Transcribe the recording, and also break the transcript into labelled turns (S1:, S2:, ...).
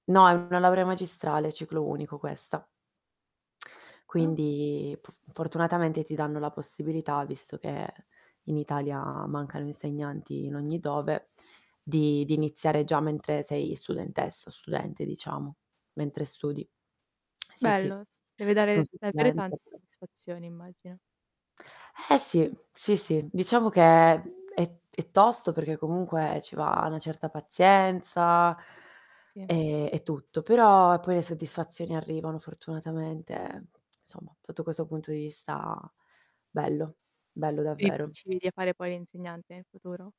S1: No, è una laurea magistrale, ciclo unico questa.
S2: Ah.
S1: Quindi, pf fortunatamente, ti danno la possibilità, visto che in Italia mancano insegnanti in ogni
S2: E
S1: dove, di di iniziare già mentre sei studentessa o studente, diciamo, mentre studi. Sì, sì
S2: Bello, deve
S1: sono
S2: dare avere
S1: studente.
S2: tante soddisfazioni, immagino.
S1: Eh, sì. Sì, sì, diciamo che è è è tosto, perché comunque ci va una certa pazienza.
S2: Sì.
S1: E e tutto, però poi le soddisfazioni arrivano fortunatamente, ehm, insomma, sotto questo punto di vista bello, bello
S2: Quindi ti
S1: davvero.
S2: ci vedi a fare poi l'insegnante nel futuro?